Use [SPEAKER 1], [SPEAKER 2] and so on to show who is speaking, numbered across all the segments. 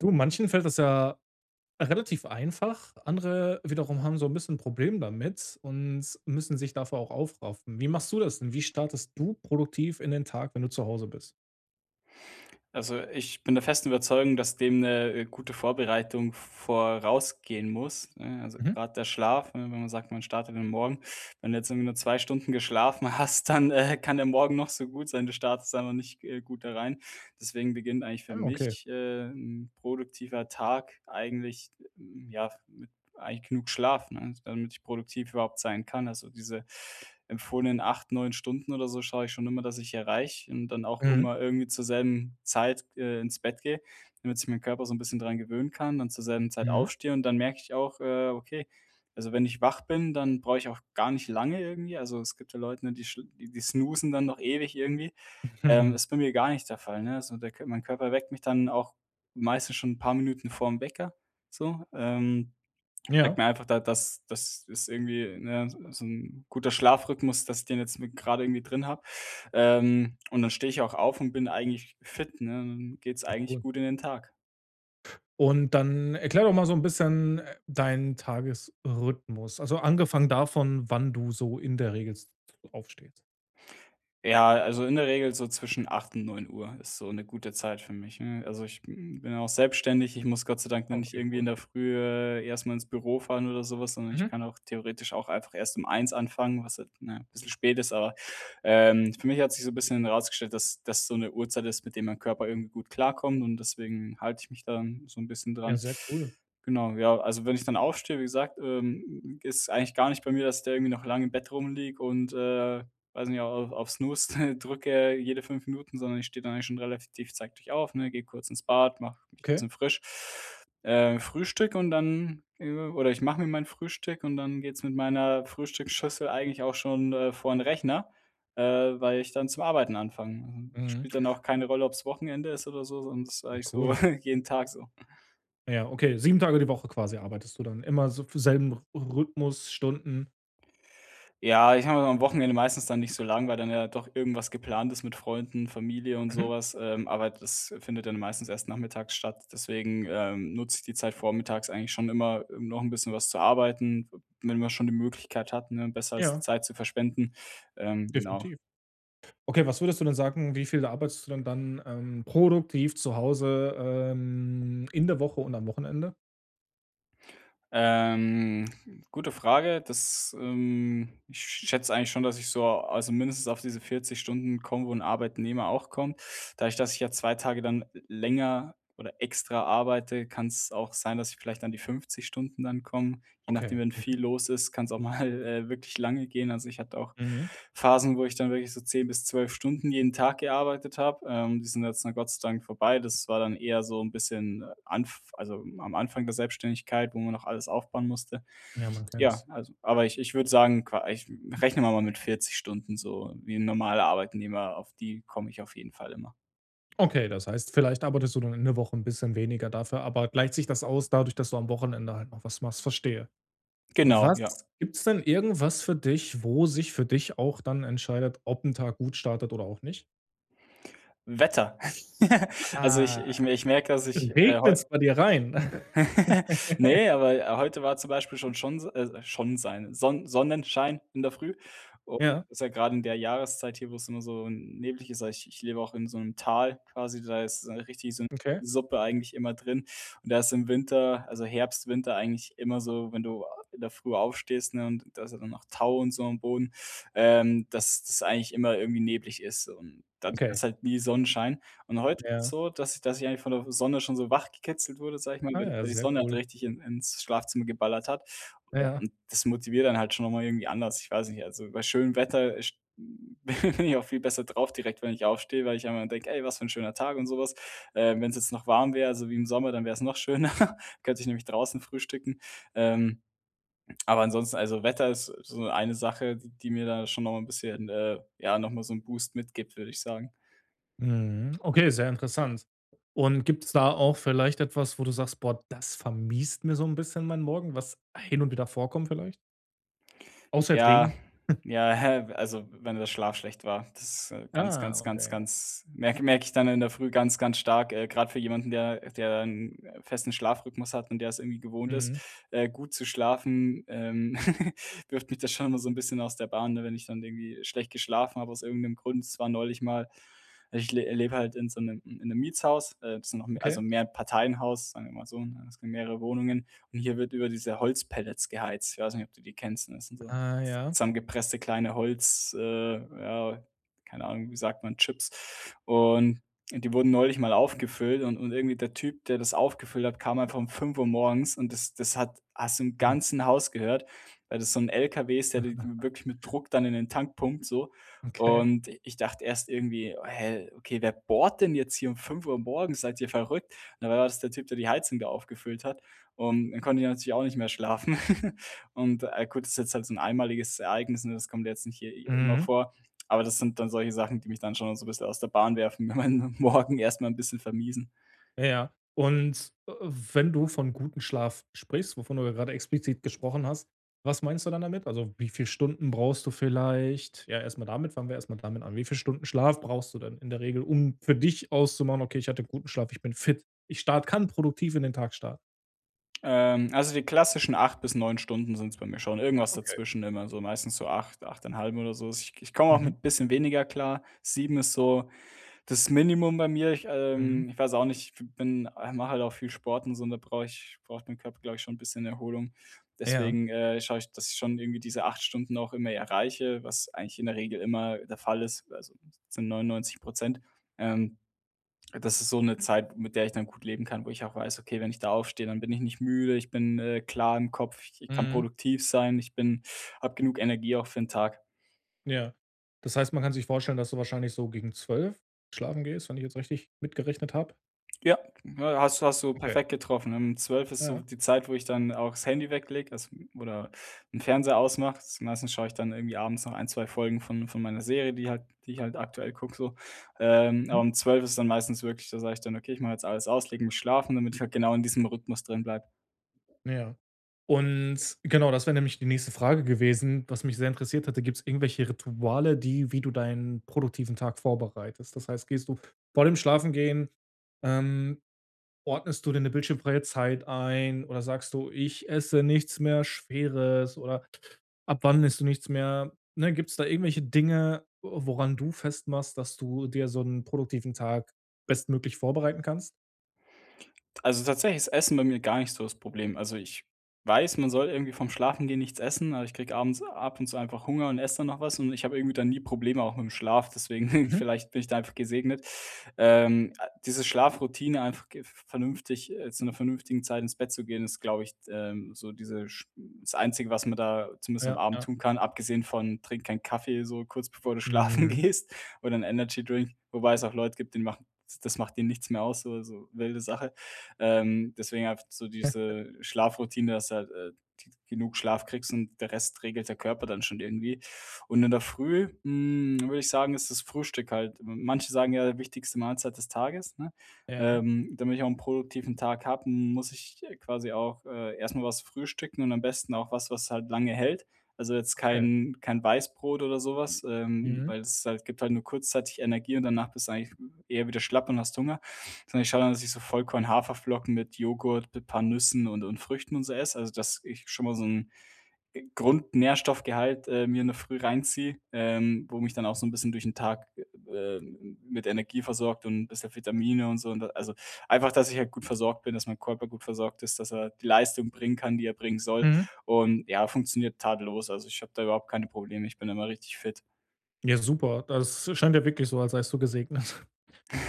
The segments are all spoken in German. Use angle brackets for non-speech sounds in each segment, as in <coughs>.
[SPEAKER 1] Du, manchen fällt das ja relativ einfach, andere wiederum haben so 'n bisschen Problem damit und müssen sich dafür auch aufraffen. Wie machst du das denn? Wie startest du produktiv in den Tag, wenn du zu Hause bist?
[SPEAKER 2] Also, ich bin der festen Überzeugung, dass dem 'ne, äh, gute Vorbereitung v v vorausgehen muss, ne? Also,
[SPEAKER 1] Mhm.
[SPEAKER 2] grad der Schlaf, ne, wenn man sagt, man startet den Morgen. Wenn du jetzt irgendwie nur 2 Stunden geschlafen hast, dann, äh, kann der Morgen noch so gut sein. Du startest da aber nicht, äh, gut da rein, deswegen beginnt eigentlich für
[SPEAKER 1] Ah, okay.
[SPEAKER 2] mich, äh, 'n produktiver Tag eigentlich ja, mit eigentlich genug Schlaf, ne, damit ich produktiv überhaupt sein kann. Also, diese empfohlenen 8, 9 Stunden oder so schaue ich schon immer, dass ich erreiche und dann auch
[SPEAKER 1] Mhm.
[SPEAKER 2] mal irgendwie zur selben Zeit, äh, ins Bett gehe, damit sich meinen Körper so 'n bisschen dran gewöhnen kann, dann zur selben Zeit
[SPEAKER 1] Mhm.
[SPEAKER 2] aufstehe und dann merke ich auch: „Äh, okay“, also, wenn ich wach bin, dann brauche ich auch gar nicht lange irgendwie. Also, es gibt ja Leute, die sch die snoozen dann noch ewig irgendwie, ähm,
[SPEAKER 1] <chuckles>
[SPEAKER 2] das ist bei mir gar nicht der Fall, ne? So der Kör mein Körper weckt mich dann auch meistens schon 'n paar Minuten vorm Wecker so, ähm, sagt
[SPEAKER 1] Ja.
[SPEAKER 2] mir einfach da das das ist irgendwie, ne, s so 'n guter Schlafrhythmus, dass ich den jetzt mit gerade irgendwie drin habe, ähm, und dann stehe ich auch auf und bin eigentlich fit, ne, dann geht's
[SPEAKER 1] Ja
[SPEAKER 2] eigentlich
[SPEAKER 1] cool.
[SPEAKER 2] gut in den Tag.
[SPEAKER 1] Und dann erkläre doch mal so 'n bisschen, äh, deinen Tagesrhythmus. Also, angefangen davon, wann du so in der Regel jetzt aufstehst.
[SPEAKER 2] Ja, a also in der Regel so zwischen 8 und 9 Uhr ist so 'ne gute Zeit für mich. Mhm. Also ich, mm, bin auch selbstständig, ich muss Gott sei Dank
[SPEAKER 1] Ah
[SPEAKER 2] nicht
[SPEAKER 1] okay
[SPEAKER 2] irgendwie in
[SPEAKER 1] cool.
[SPEAKER 2] der Frühe erst mal ins Büro fahren oder so was, sondern ich
[SPEAKER 1] Mhm.
[SPEAKER 2] kann auch theoretisch auch einfach erst 1 anfangen, was halt, ne, bisschen spät ist, aber, ähm für mich hat sich so 'n bisschen herausgestellt, das das so 'ne Uhrzeit ist, mit dem mein Körper irgendwie gut klarkommt und deswegen halte ich mich dann so 'n bisschen
[SPEAKER 1] Ja
[SPEAKER 2] dran.
[SPEAKER 1] sehr cool.
[SPEAKER 2] Genau, ja also wenn ich dann aufstehe, wie gesagt, ähm, ist eigentlich gar nicht bei mir, dass der irgendwie noch lang im Bett rumliege und, äh- weiß ich nicht- auch auf Snooze drücke jede 5 Minuten, sondern ich stehe da eigentlich schon relativ, zeitig auf, ne, gehe kurz ins Bad, mach mich 'n
[SPEAKER 1] Okay.
[SPEAKER 2] bisschen frisch. Äh, frühstücke und dann oder ich mache mir mein Frühstück und dann geht's mit meiner Frühstücksschüssel eigentlich auch schon, äh, vor den Rechner, äh, weil ich dann zum Arbeiten anfange.
[SPEAKER 1] Mhm.
[SPEAKER 2] Spielt dann auch keine Rolle, ob's Wochenende ist oder so, sondern das ist
[SPEAKER 1] Ja.
[SPEAKER 2] eigentlich so
[SPEAKER 1] Cool.
[SPEAKER 2] <chuckles> jeden Tag so.
[SPEAKER 1] Ja, okay, 7 Tage die Woche quasi arbeitest du dann immer so fü selben R Rhythmus Stunden?
[SPEAKER 2] Ja, ich habe immer am Wochenende meistens dann nicht so lang, weil dann ja doch irgendwas geplant ist mit Freunden, Familie und so
[SPEAKER 1] Mhm.
[SPEAKER 2] was, ähm, aber das findet dann meistens erst nachmittags statt, deswegen, ähm, nutze ich die Zeit vormittags eigentlich schon immer um noch 'n bisschen was zu arbeiten, w wenn man schon die Möglichkeit hat, ne, besser als die
[SPEAKER 1] Ja.
[SPEAKER 2] Zeit zu verschwenden, ähm, genau.
[SPEAKER 1] Definitiv. Okay, was würdest du denn sagen, wie viel da arbeitest du denn dann, ähm, produktiv zu Hause, ähm, in der Woche und am Wochenende?
[SPEAKER 2] Ähm, gute Frage, das, ähm, ich schätze eigentlich schon, dass ich so, also, mindestens auf diese 40 Stunden bekomme, wo ‘n Arbeitnehmer auch kommt. Dadurch, dass ich ja 2 Tage dann länger oder extra arbeite, kann's auch sein, dass ich vielleicht an die 50 Stunden dann komme. Je nachdem,
[SPEAKER 1] Okay.
[SPEAKER 2] wenn
[SPEAKER 1] Mhm.
[SPEAKER 2] viel los ist, kann's auch mal, äh, wirklich lange gehen. Also, ich hatte auch
[SPEAKER 1] Mhm.
[SPEAKER 2] Phasen, wo ich dann wirklich so 10 bis 12 Stunden jeden Tag gearbeitet habe. Ähm, die sind jetzt dann Gott sei Dank vorbei. Das war dann eher so ‘n bisschen Anf also, am Anfang der Selbstständigkeit, wo man noch alles aufbauen musste.
[SPEAKER 1] Ja, man
[SPEAKER 2] Ja,
[SPEAKER 1] kennt's.
[SPEAKER 2] also aber ich ich würde sagen, qua ich rechnen wir mal mit 40 Stunden so wie ‘n normaler Arbeitnehmer, auf die komme ich auf jeden Fall immer.
[SPEAKER 1] Okay, das heißt, vielleicht arbeitest du dann in der Woche ‘n bisschen weniger, dafür aber gleicht sich das aus dadurch, dass du am Wochenende halt noch was machst, verstehe.
[SPEAKER 2] Genau, ja.
[SPEAKER 1] Was gibt's denn irgendwas für dich, wo sich für dich auch dann entscheidet, ob ‘n Tag gut startet oder auch nicht?
[SPEAKER 2] Wetter? <giggles> Also, ich
[SPEAKER 1] Ah,
[SPEAKER 2] ich ich merke, dass ich, äh, heu
[SPEAKER 1] regnet's bei dir rein?
[SPEAKER 2] <chuckles>
[SPEAKER 1] <chuckles>
[SPEAKER 2] Ne, aber, äh, heute war zum Beispiel schon
[SPEAKER 1] <unintelligible>
[SPEAKER 2] schon so äh, schon sein Sonn Sonnenschein in der Früh u
[SPEAKER 1] Ja.
[SPEAKER 2] ist ja gerade in der Jahreszeit hier, wo‘s immer so, hm, nebliger ist. Ich ich lebe auch in so ‘nem Tal quasi, da ist so richtig so ‘n
[SPEAKER 1] Okay.
[SPEAKER 2] Suppe eigentlich immer drin und da ist im Winter, also, Herbst, Winter, eigentlich immer so, wenn du, ah, in der Früh aufstehst, ne, und da ist ja dann noch Tau und so am Boden, ähm, dass das eigentlich immer irgendwie neblig ist. Und, dadurch
[SPEAKER 1] Okay.
[SPEAKER 2] hast du halt nie Sonnenschein und heute ist es
[SPEAKER 1] Ja.
[SPEAKER 2] so, dass ich dass ich eigentlich von der Sonne schon so wach gekitzelt wurde, sage ich mal, weil die
[SPEAKER 1] Ah,
[SPEAKER 2] weil die
[SPEAKER 1] sehr
[SPEAKER 2] Sonne halt
[SPEAKER 1] cool.
[SPEAKER 2] richtig in ins Schlafzimmer geballert hat.
[SPEAKER 1] Ja, ja.
[SPEAKER 2] Und, das motiviert dann halt schon noch mal irgendwie anders. Ich weiß nicht, also, bei schönem Wetter sch Hm, <chuckles> bin ich auch viel besser drauf direkt, wenn ich aufstehe, weil ich einmal denke: „Ey, was für ‘n schöner Tag“, und so was. Ähm, wenn's jetzt noch warm wäre, so wie im Sommer, dann wär's noch schöner. könnte ich nämlich draußen frühstücken. Ähm, aber ansonsten, also, Wetter ist, äh, so eine Sache, d die mir da schon noch mal ‘n bisschen, äh, ja, noch mal so ‘n Boost mitgibt, würde ich sagen.
[SPEAKER 1] Mhm, okay, sehr interessant. Und gibt's da auch vielleicht etwas, wo du sagst: „Boah, das vermiest mir so 'n bisschen meinen Morgen.“, was hin und wieder vorkommt vielleicht? Außer jetzt
[SPEAKER 2] Ja,
[SPEAKER 1] Regen. <chuckles>
[SPEAKER 2] ja, hä, w also, wenn der Schlaf schlecht war, das ist ganz,
[SPEAKER 1] Ah,
[SPEAKER 2] ganz, ganz,
[SPEAKER 1] okay.
[SPEAKER 2] ganz merk merke ich dann in der Früh ganz, ganz stark, äh, grad für jemanden, der der 'n festen Schlafrhythmus hat und der es irgendwie gewohnt ist,
[SPEAKER 1] Mhm.
[SPEAKER 2] äh, gut zu schlafen, ähm, <giggles> Wirft mich da schon mal so 'n bisschen aus der Bahn, ne, wenn ich dann irgendwie schlecht geschlafen habe aus irgend'nem Grund. Es war neulich mal ich le lebe halt in so 'nem in 'nem Mietshaus, äh, das ist noch also,
[SPEAKER 1] Okay.
[SPEAKER 2] 'n Mehrparteienhaus, sagen wir mal so, ne? Es gibt mehrere Wohnungen und hier wird über diese Holzpellets geheizt. Ich weiß nicht, ob du die kennst, das sind so
[SPEAKER 1] Ah ja.
[SPEAKER 2] zusammengepresste kleine Holz äh, ja, keine Ahnung, wie sagt man, Chips. Und die wurden neulich mal aufgefüllt und und irgendwie der Typ, der das aufgefüllt hat, kam einfach um 5:00 morgens und das das hat hast du im
[SPEAKER 1] <unintelligible>
[SPEAKER 2] ganzen Haus gehört, weil das so 'n Lkw ist, der d w
[SPEAKER 1] <chuckles>
[SPEAKER 2] wirklich mit Druck dann in den Tank pumpt so.
[SPEAKER 1] Okay.
[SPEAKER 2] Und i ich dachte erst irgendwie: „Hä, okay, wer bohrt denn jetzt hier 5:00 morgens? Seid ihr verrückt?” Dann war das der Typ, der die Heizung wieder aufgefüllt hat, und dann konnte ich natürlich auch nicht mehr schlafen. <giggles> Und, äh, gut, ist jetzt halt so 'n einmaliges Ereignis, ne, das kommt ja jetzt nicht h hier immer
[SPEAKER 1] Mhm.
[SPEAKER 2] vor, aber das sind dann solche Sachen, die mich dann schon auch so 'n bissel aus der Bahn werfen und meinen Morgen erst mal 'n bisschen vermiesen.
[SPEAKER 1] Ja, ja. Und, äh, wenn du von guten Schlaf sprichst, wovon du ja grade explizit gesprochen hast, was meinst du dann damit? Also, wie viel Stunden brauchst du vielleicht? Ja, erst mal damit fangen wir erst mal damit an. Wie viel Stunden Schlaf brauchst du denn in der Regel, um für dich auszumachen: „Okay, ich hatte guten Schlaf, ich bin fit. Ich start kann produktiv in den Tag starten.”
[SPEAKER 2] Ähm. Also, die klassischen 8 bis 9 Stunden sind's bei mir schon, irgendwas
[SPEAKER 1] Okay.
[SPEAKER 2] dazwischen immer so meistens so 8, 8 1/2 oder so. Ich ich komme auch
[SPEAKER 1] Mhm.
[SPEAKER 2] mit bisschen weniger klar. 7 ist so das Minimum bei mir. Ich,
[SPEAKER 1] Mhm.
[SPEAKER 2] ähm ich weiß auch nicht, ich bin ich mache halt auch viel Sport und so, da brauche ich braucht dem Körper, glaube ich, schon 'n bisschen Erholung.
[SPEAKER 1] Ja.
[SPEAKER 2] Deswegen, äh, schaue ich, dass ich schon irgendwie diese 8 Stunden auch immer erreiche, was eigentlich in der Regel immer der Fall ist, also, zu 99 %. Ähm, das ist so 'ne Zeit, mit der ich dann gut leben kann wo ich auch weiß, okay, wenn ich da aufstehe, dann bin ich nicht müde, ich bin, äh, klar im Kopf, ich kann
[SPEAKER 1] Mhm.
[SPEAKER 2] produktiv sein, ich bin hab genug Energie auch für den Tag.
[SPEAKER 1] Ja. Das heißt, man kann sich vorstellen, dass du wahrscheinlich so gegen 12 schlafen gehst, wenn ich jetzt richtig mitgerechnet habe?
[SPEAKER 2] Ja, has hast du
[SPEAKER 1] Okay.
[SPEAKER 2] perfekt getroffen. Ähm, 12 ist so
[SPEAKER 1] Ja.
[SPEAKER 2] die Zeit, wo ich dann auch das Handy weglege, also oder 'n Fernseher ausmache. Meistens schaue ich dann irgendwie abends noch ein, 2 Folgen von von meiner Serie, die halt die ich halt aktuell gucke so. Ähm,
[SPEAKER 1] Mhm.
[SPEAKER 2] um 12 ist dann meistens wirklich da sage ich dann: „Okay, ich mach jetzt alles aus und leg mich schlafen“, damit ich halt genau in diesem Rhythmus drin bleibe.
[SPEAKER 1] Ja. Und genau, das wär nämlich die nächste Frage gewesen, was mich sehr interessiert hatte. Gibt's irgendwelche Rituale, die wie du deinen produktiven Tag vorbereitest? Das heißt, gehst du vor dem Schlafengehen, ähm ordnest du dir 'ne bildschirmfreie Zeit ein oder sagst du, ich esse nichts mehr Schweres oder ab wann isst du nichts mehr, ne? Gibt's da irgendwelche Dinge, woran du festmachst, dass du dir so 'n produktiven Tag bestmöglich vorbereiten kannst?
[SPEAKER 2] Also tatsächlich ist Essen bei mir gar nicht so das Problem. Also ich weiß, man soll irgendwie vorm Schlafengehen nichts essen, aber ich kriege abends ab und zu einfach Hunger und esse dann noch was und ich habe irgendwie dann nie Probleme auch mit 'm Schlaf, deswegen <chuckles>
[SPEAKER 1] Mhm.
[SPEAKER 2] vielleicht bin ich da einfach gesegnet. Ähm, diese Schlafroutine, einfach gef vernünftig äh, zu 'ner vernünftigen Zeit ins Bett zu gehen, ist, glaube ich, ähm, so diese sch das Einzige, was man da zumindest am
[SPEAKER 1] Ja,
[SPEAKER 2] Abend
[SPEAKER 1] ja.
[SPEAKER 2] tun kann, abgesehen von trink keinen Kaffee, so kurz bevor du schlafen
[SPEAKER 1] Mhm.
[SPEAKER 2] gehst oder 'n Energydrink, wobei es auch Leute gibt, denen macht ds das macht denen nichts mehr aus, so, also wilde Sache. Ähm, deswegen einfach so
[SPEAKER 1] <chuckles>
[SPEAKER 2] diese Schlafroutine, dass halt, äh, g genug Schlaf kriegst und der Rest regelt der Körper dann schon irgendwie. Und in der Früh, mm, würde ich sagen, ist das Frühstück halt manche sagen ja, wichtigste Mahlzeit des Tages, ne?
[SPEAKER 1] Ja.
[SPEAKER 2] Ähm, damit ich auch 'n produktiven Tag habe, muss ich, äh, quasi auch, äh, erst mal was frühstücken und am besten auch was, was halt lange hält. Also jetzt
[SPEAKER 1] Okay.
[SPEAKER 2] kein kein Weißbrot oder so was, ähm,
[SPEAKER 1] Mhm.
[SPEAKER 2] weil es halt gibt halt nur kurzzeitig Energie und danach bist du eigentlich, äh, eher wieder schlapp und hast Hunger. Sondern ich schau an, dass ich so Vollkorn, Haferflocken mit Joghurt, mit paar Nüssen und und Früchten und so esse, also dass ich schon mal so 'n G Grundnährstoffgehalt, äh, mir in der Früh reinziehe, ähm, wo mich dann auch so 'n bisschen durch 'n Tag, äh, ähm, m mit Energie versorgt und bisschen Vitamine und so und da also einfach, dass ich halt gut versorgt bin, dass mein Körper gut versorgt ist, dass er die Leistung bringen kann, die er bringen soll.
[SPEAKER 1] Mhm.
[SPEAKER 2] Und ja, funktioniert tadellos. Also, ich habe da überhaupt keine Probleme, ich bin immer richtig fit.
[SPEAKER 1] Ja, super, das scheint ja wirklich so, als seist du gesegnet.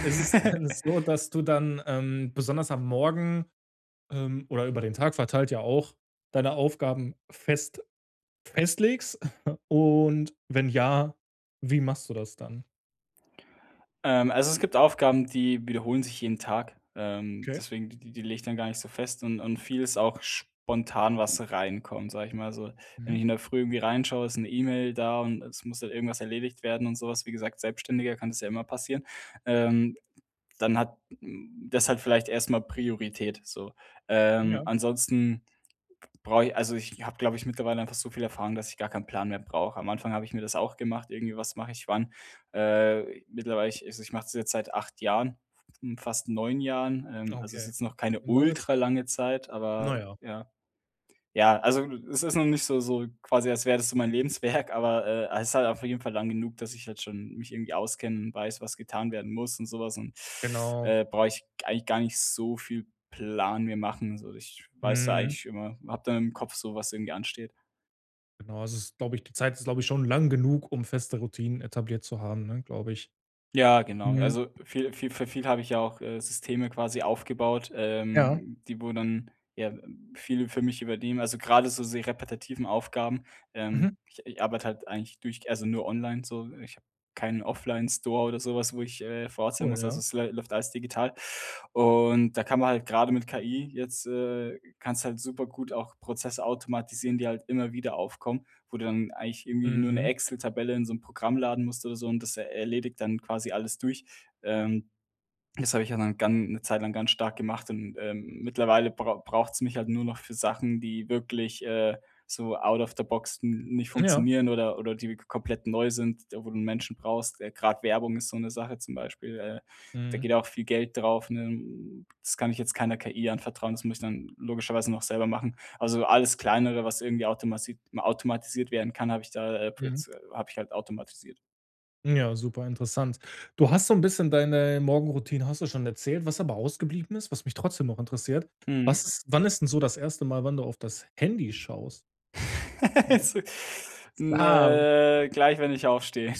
[SPEAKER 1] Ist es denn so, dass du dann, ähm, besonders am Morgen ähm, oder über den Tag verteilt ja auch deine Aufgaben fest festlegst? <coughs> Und wenn ja, wie machst du das dann?
[SPEAKER 2] Ähm, also es gibt Aufgaben, die wiederholen sich jeden Tag, ähm,
[SPEAKER 1] Okay.
[SPEAKER 2] deswegen die die lege ich dann gar nicht so fest und und vieles auch spontan, was reinkommt, sage ich mal so. Wenn ich
[SPEAKER 1] Mhm.
[SPEAKER 2] in der Früh irgendwie reinschaue, ist 'ne E-Mail da und es muss halt irgendwas erledigt werden und so was, wie gesagt, als Selbstständiger kann es ja immer passieren. Ähm, dann hat hm, das hat vielleicht erst mal Priorität, so. Ähm,
[SPEAKER 1] Ja.
[SPEAKER 2] ansonsten b brauche ich also ich habe, glaube ich, mittlerweile einfach so viel Erfahrung, dass ich gar keinen Plan mehr brauche. Am Anfang habe ich mir das auch gemacht, irgendwie was mache ich wann. Äh, mittlerweile ich also ich mache es jetzt seit 8 Jahren, fast 9 Jahren. Ähm,
[SPEAKER 1] Ah,
[SPEAKER 2] also ist
[SPEAKER 1] okay.
[SPEAKER 2] jetzt noch keine
[SPEAKER 1] 'Ne lange Zeit.
[SPEAKER 2] ultralange Zeit,
[SPEAKER 1] Na
[SPEAKER 2] aber
[SPEAKER 1] ja.
[SPEAKER 2] ja. Ja, also es ist noch nicht so so quasi als wäre das so mein Lebenswerk, aber, äh, es ist halt auf jeden Fall lang genug, dass ich halt schon mich irgendwie auskenne und weiß, was getan werden muss und so was und,
[SPEAKER 1] Genau.
[SPEAKER 2] äh, brauche ich eigentlich gar nicht so viel Plan mir machen. Also ich weiß da
[SPEAKER 1] Mhm.
[SPEAKER 2] eigentlich immer, habe da im Kopf so was irgendwie ansteht.
[SPEAKER 1] Genau, es ist, glaube ich die Zeit ist, glaube ich, schon lang genug, um feste Routinen etabliert zu haben, ne, glaube ich.
[SPEAKER 2] Ja, genau,
[SPEAKER 1] Mhm.
[SPEAKER 2] also viel viel für viel habe ich ja auch, äh, Systeme quasi aufgebaut,
[SPEAKER 1] Ja?
[SPEAKER 2] ähm, die, wo dann ja viel für mich übernehmen, also grade so sehr repetitive Aufgaben. Ähm,
[SPEAKER 1] Mhm.
[SPEAKER 2] i ich arbeite halt eigentlich durch also nur online so. Ich habe keinen Offline-Store oder so was, wo ich, äh, vor Ort sein
[SPEAKER 1] Cool,
[SPEAKER 2] muss, also
[SPEAKER 1] ja?
[SPEAKER 2] es läuft alles digital. Und da kann man halt gerade mit KI jetzt äh, kannst du halt supergut auch Prozesse automatisieren, die halt immer wieder aufkommen, wo du dann eigentlich irgendwie nur 'ne
[SPEAKER 1] Mhm.
[SPEAKER 2] Excel-Tabelle in so 'nem Programm laden musst oder so und das erledigt dann quasi alles durch. Ähm, das habe ich ja dann gan 'ne Zeit lang ganz stark gemacht und, ähm, mittlerweile brau braucht's mich halt nur noch für Sachen, die wirklich, äh, so out of the box n nicht
[SPEAKER 1] Ja.
[SPEAKER 2] funktionieren oder oder die k komplett neu sind, wo du Menschen brauchst. Grad Werbung ist so 'ne Sache, zum Beispiel, äh, da
[SPEAKER 1] Mhm.
[SPEAKER 2] geht auch viel Geld drauf, ne? Das kann ich jetzt keiner KI anvertrauen, das muss ich dann logischerweise noch selber machen. Also, alles kleinere, was irgendwie automati automatisiert werden kann, habe ich da äh,
[SPEAKER 1] Mhm.
[SPEAKER 2] jetzt habe ich halt automatisiert.
[SPEAKER 1] Ja, super interessant. Du hast so 'n bisschen deine Morgenroutine, hast du schon erzählt, was aber ausgeblieben ist, was mich trotzdem noch interessiert.
[SPEAKER 2] Mhm.
[SPEAKER 1] Was ist wann ist 'n so das erste Mal, wann du auf das Handy schaust?
[SPEAKER 2] <laughs>
[SPEAKER 1] Morgens?
[SPEAKER 2] Also, m
[SPEAKER 1] Ah.
[SPEAKER 2] äh, gleich wenn ich aufstehe,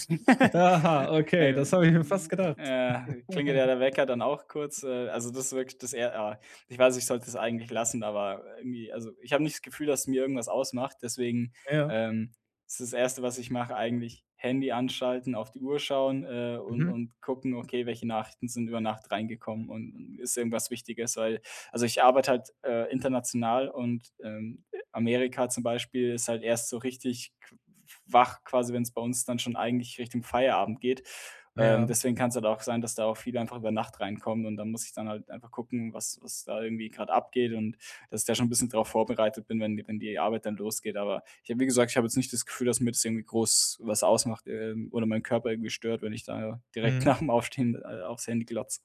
[SPEAKER 1] Aha,
[SPEAKER 2] <laughs>
[SPEAKER 1] okay,
[SPEAKER 2] äh, äh,
[SPEAKER 1] das habe ich mir fast gedacht.
[SPEAKER 2] äh, klingelt ja
[SPEAKER 1] <chuckles>
[SPEAKER 2] der Wecker dann auch kurz, äh. Also, das wirkt das eher a ich weiß, ich sollte es eigentlich lassen, aber irgendwie, also ich habe nicht das Gefühl, dass es mir irgendwas ausmacht, deswegen,
[SPEAKER 1] Ja.
[SPEAKER 2] ähm, ist das 1. was ich mache eigentlich Handy anschalten, auf die Uhr schauen, äh, und
[SPEAKER 1] Mhm.
[SPEAKER 2] und gucken, okay, welche Nachrichten sind über Nacht reingekommen und und ist irgendwas Wichtiges, weil, also ich arbeite halt, äh, international und, ähm, Amerika zum Beispiel ist halt erst so richtig qu wach quasi, wenn's bei uns dann schon eigentlich Richtung Feierabend geht. Ähm,
[SPEAKER 1] Ja.
[SPEAKER 2] deswegen kann's halt auch sein, dass da auch viel einfach über Nacht reinkommt und dann muss ich dann halt einfach gucken, was was da irgendwie grad abgeht und dass ich da schon 'n bisschen darauf vorbereitet bin, wenn die wenn die Arbeit dann losgeht. Aber ich habe wie gesagt, ich habe jetzt nicht das Gefühl, dass mir das irgendwie groß was ausmacht, ähm, oder meinen Körper irgendwie stört, wenn ich da direkt
[SPEAKER 1] Mhm.
[SPEAKER 2] nach 'm Aufstehen, äh, aufs Handy glotze.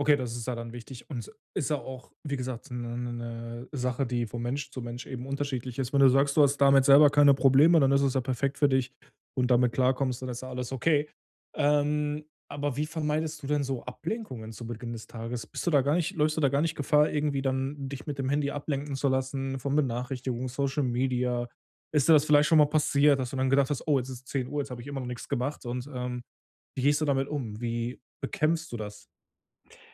[SPEAKER 1] Okay, das ist ja dann wichtig. Und es ist ja auch, wie gesagt, 'ne 'ne 'ne Sache, die von Mensch zu Mensch eben unterschiedlich ist. Wenn du sagst, du hast damit selber keine Probleme, dann ist es ja perfekt für dich und damit klarkommst, dann ist ja alles okay. Ähm, aber wie vermeidest du denn so Ablenkungen zu Beginn des Tages? Bist du da gar nicht läufst du da gar nicht Gefahr, irgendwie dann dich mit dem Handy ablenken zu lassen von Benachrichtigungen, Social Media? Ist das vielleicht schon mal passiert, dass du dann gedacht hast: „Oh, jetzt ist 10:00, jetzt habe ich immer noch nix gemacht,“ und ähm, wie gehst du damit um? Wie bekämpfst du das?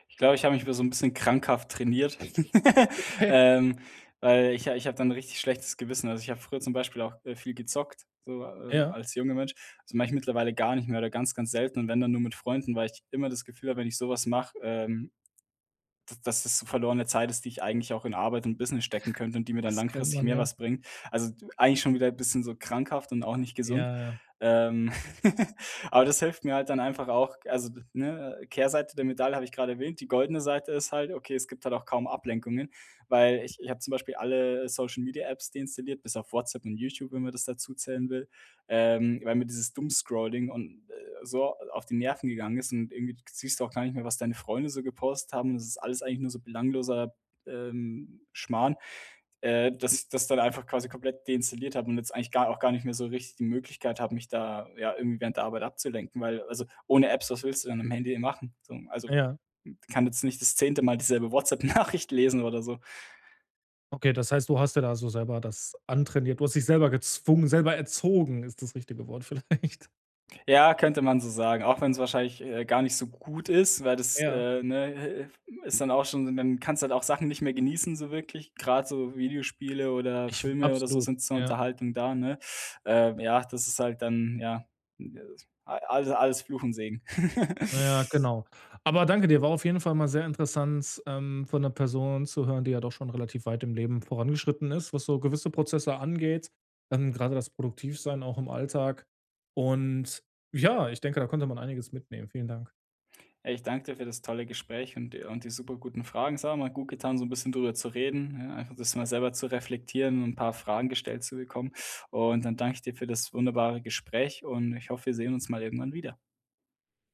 [SPEAKER 2] Ich glaube, ich habe mich früher so 'n bisschen krankhaft trainiert, <laughs>
[SPEAKER 1] Okay.
[SPEAKER 2] ähm, weil ich ich habe dann richtig schlechtes Gewissen also ich habe früher zum Beispiel auch, äh, viel gezockt, so, äh,
[SPEAKER 1] Ja.
[SPEAKER 2] als junger Mensch. Das mache ich mittlerweile gar nicht mehr oder ganz ganz selten und wenn dann nur mit Freunden, weil ich immer das Gefühl habe, wenn ich so was mache, ähm d dass das verlorene Zeit ist, die ich eigentlich auch in Arbeit und Business stecken könnte und die mir dann
[SPEAKER 1] Das kennt
[SPEAKER 2] langfristig
[SPEAKER 1] man
[SPEAKER 2] mehr
[SPEAKER 1] ja.
[SPEAKER 2] was bringt. Also e eigentlich schon wieder bisschen so krankhaft und auch nicht gesund,
[SPEAKER 1] Ja, ja.
[SPEAKER 2] ähm, <laughs> aber das hilft mir halt dann einfach auch also, ne Kehrseite der Medaille habe ich gerade erwähnt, die goldene Seite ist halt okay, es gibt halt auch kaum Ablenkungen, weil ich ich habe zum Beispiel alle Social Media Apps deinstalliert, bis auf WhatsApp und YouTube, wenn man das dazu zählen will, ähm, weil mir dieses Doom Scrolling und, äh so, äh, auf die Nerven gegangen ist und irgendwie siehst du auch gar nicht mehr, was deine Freunde so gepostet haben und das ist alles eigentlich nur so belangloser, ähm, Schmarrn, äh, dass ich das dann einfach quasi komplett deinstalliert habe und jetzt eigentlich gar auch gar nicht mehr so richtig die Möglichkeit habe, mich da ja irgendwie während der Arbeit abzulenken, weil äh also ohne Apps, was willst du dann am Handy eben machen, so. Also
[SPEAKER 1] Ja.
[SPEAKER 2] kann jetzt nicht das zehnte Mal dieselbe WhatsApp Nachricht lesen oder so.
[SPEAKER 1] Okay das heißt du hast dir da so selber das antrainiert du hast dich selber gezwungen selber erzogen ist das richtige Wort vielleicht.
[SPEAKER 2] Ja, könnte man so sagen, auch wenn's wahrscheinlich, äh, gar nicht so gut ist, weil das
[SPEAKER 1] Ja.
[SPEAKER 2] äh, ne äh, ist dann auch schon dann kannst du halt auch Sachen nicht mehr genießen so wirklich, gerade so Videospiele oder
[SPEAKER 1] Ich
[SPEAKER 2] Filme oder so
[SPEAKER 1] absolut,
[SPEAKER 2] sind zur
[SPEAKER 1] ja.
[SPEAKER 2] Unterhaltung da, ne? Äh, ja, das ist halt dann ja, äh, alle alles Fluch und Segen.
[SPEAKER 1] Na ja,
[SPEAKER 2] <chuckles>
[SPEAKER 1] genau. Aber danke dir, war auf jeden Fall mal sehr interessant, ähm, von 'ner Person zu hören, die ja doch schon relativ weit im Leben vorangeschritten ist, was so gewisse Prozesse angeht. Dann grade das Produktiv sein auch im Alltag. Und ja ich denke, da konnte man einiges mitnehmen. Vielen Dank.
[SPEAKER 2] Ey, ich danke dir für das tolle Gespräch und de die superguten Fragen. Es hat mal gutgetan, so 'n bisschen drüber zu reden ja einfach das mal selber zu reflektieren und 'n paar Fragen gestellt zu bekommen. Und dann danke ich dir für das wunderbare Gespräch und ich hoffe, wir sehen uns mal irgendwann wieder.